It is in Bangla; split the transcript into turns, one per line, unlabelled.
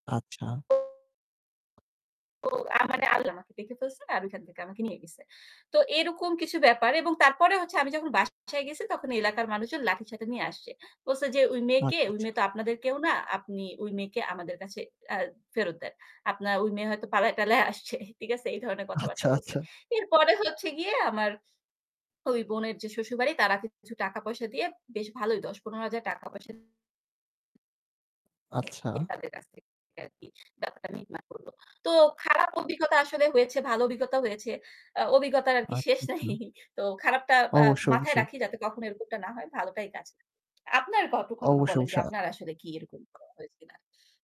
আচ্ছা।
ও, আমারে আল্লাহ আমাকে দেখে ফেলছে আর ওইখান থেকে আমাকে নিয়ে গেছে। তো এরকম কিছু ব্যাপার এবং তারপরে হচ্ছে আমি যখন বাসায় গেছি তখন এলাকার মানুষজন লাঠিসোঠা নিয়ে আসছে। বলছে যে, "ওই মেয়েকে
আচ্ছা।
ওই
আচ্ছা।
মেয়ে তো আপনাদের কেউ না। আপনি ওই মেয়েকে আমাদের কাছে আ ফেরত দেন। আপনার ওই মেয়ে হয়তো পালায়-টালায় আসছে।" ঠিক আছে? এই ধরনের
আচ্ছা।
কথাবার্তা বলছে।
আচ্ছা।
এরপরে হচ্ছে গিয়ে আমার ওই বোনের যে শ্বশুরবাড়ি তারা কিছু টাকা পয়সা দিয়ে বেশ ভালোই ৳১০-৳১৫,০০০ পয়সা
আচ্ছা।
দিয়ে তাদের কাছ থেকে আরকি ব্যাপারটা মিটমাট করলো। তো খারাপ অভিজ্ঞতা আসলে হয়েছে, ভালো অভিজ্ঞতাও হয়েছে। আ অভিজ্ঞতার আরকি
আচ্ছা।
শেষ নাই।
আচ্ছা।
তো খারাপটা বা
অবশ্যই।
মাথায়
অবশ্যই।
রাখি যাতে কখনো এরকমটা না হয়। ভালোটাই কাজ আপনার গল্প, ঘটনা
অবশ্যই,
বলেন যে
অবশ্যই। আ
আপনার আসলে কি এরকম হয়েছে কিনা?